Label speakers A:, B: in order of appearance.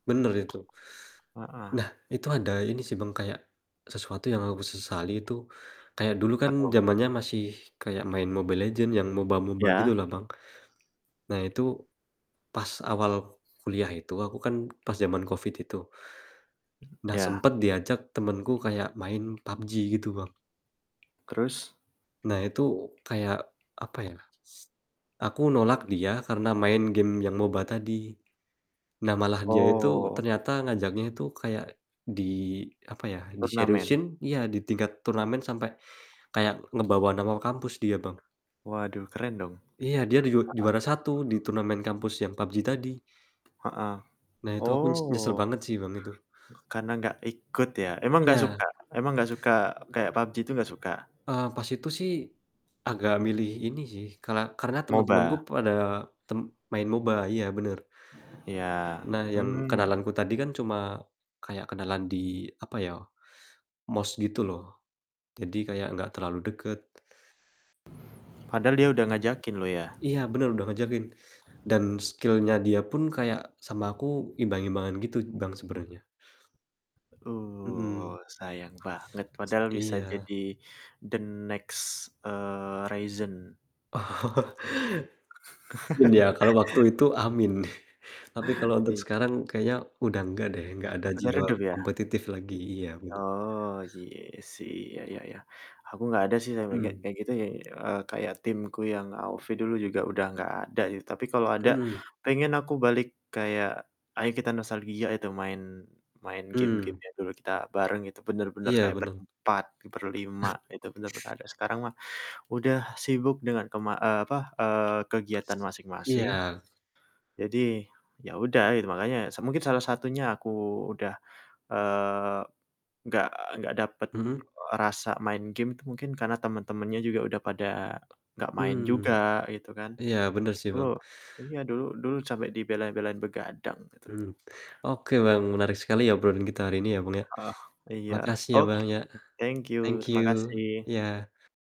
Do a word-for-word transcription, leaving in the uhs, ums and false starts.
A: Bener itu.
B: Heeh.
A: Nah, itu ada ini sih, Bang, kayak sesuatu yang aku sesali itu, kayak dulu
B: Apa
A: kan
B: tuh?
A: zamannya masih kayak main Mobile Legends yang moba-moba
B: Iya.
A: gitu lah, Bang. Nah, itu pas awal kuliah itu, aku kan pas zaman covid itu,
B: M
A: nah,
B: iya.
A: sempet diajak temenku kayak main pabji, gitu Bang.
B: Terus?
A: Nah, itu kayak, apa ya, s aku nolak dia karena main game yang moba tadi. Nah, malah dia itu
B: Oh.
A: ternyata ngajaknya itu kayak di apa ya,
B: Turnamen.
A: diseriusin iya, di tingkat turnamen sampai kayak ngebawa nama kampus dia, Bang.
B: Waduh, keren dong!
A: Iya, dia di ju
B: Heeh.
A: juara satu, di turnamen kampus yang pabji tadi.
B: Heeh.
A: Nah, itu aku nyes nyesel
B: Oh.
A: banget sih, Bang, itu.
B: Karena nggak ikut, ya? Emang nggak
A: Iya.
B: suka emang nggak suka, kayak Pabji itu, nggak suka?
A: Eee, pas itu sih, agak milih ini sih, kala karena temen-temenku
B: Moba.
A: pada tem main moba, iya, bener.
B: Iya,
A: Nah, yang
B: mmm.
A: kenalanku tadi kan cuma kayak kenalan di, apa ya, MOS gitu loh. Jadi, kayak enggak terlalu deket.
B: Padahal dia udah
A: Mhm.
B: ngajakin loh, ya?
A: Iya, bener udah ngajakin. Dan, skill-nya dia pun kayak sama aku imbang-imbangan gitu, Bang, sebenarnya.
B: Uh,
A: Mhm.
B: sayang banget, padahal bisa
A: Iya.
B: jadi the next, eee, Ryzen.
A: Iya, kalau waktu itu, amin. Tapi kalau untuk
B: I
A: sekarang kayaknya udah nggak deh, nggak ada
B: Udah
A: jiwa
B: redup, ya?
A: kompetitif lagi iya, bener.
B: Oh, iya sih, ya ya ya, aku nggak ada sih sampe kayak
A: Mhm.
B: kayak gitu, eee, kayak tim ku yang Aufi dulu juga udah nggak ada. Tapi kalau ada,
A: Mhm.
B: pengen aku balik kayak, "Ayo kita nostalgia itu main main game-game
A: Hmm.
B: yang dulu kita bareng." Itu bener-bener
A: Iya,
B: kaya
A: menang.
B: berempat, berlima, itu bener-bener ada, sekarang mah udah sibuk dengan ke ma eee, apa, eee, kegiatan masing-masing.
A: Iya.
B: Jadi, ya udah, i makanya, mungkin salah satunya aku udah, eee, nggak nggak dapet,
A: Mhm?
B: e rasa main game itu mungkin karena temen-temennya juga, udah pada gak main
A: Mhm.
B: juga, gitu kan.
A: Iya, bener sih,
B: Dulu
A: Bang.
B: iya, dulu dulu sampe dibela-belain begadang, gitu.
A: Mhm. Oke Bang, menarik sekali ya obrolan kita hari ini ya, Bang, ya.
B: Oh, iya.
A: Makasih ya, Bang,
B: Oke.
A: ya.
B: Thank
A: Thank
B: you. Terima
A: you.
B: kasih.
A: Iya.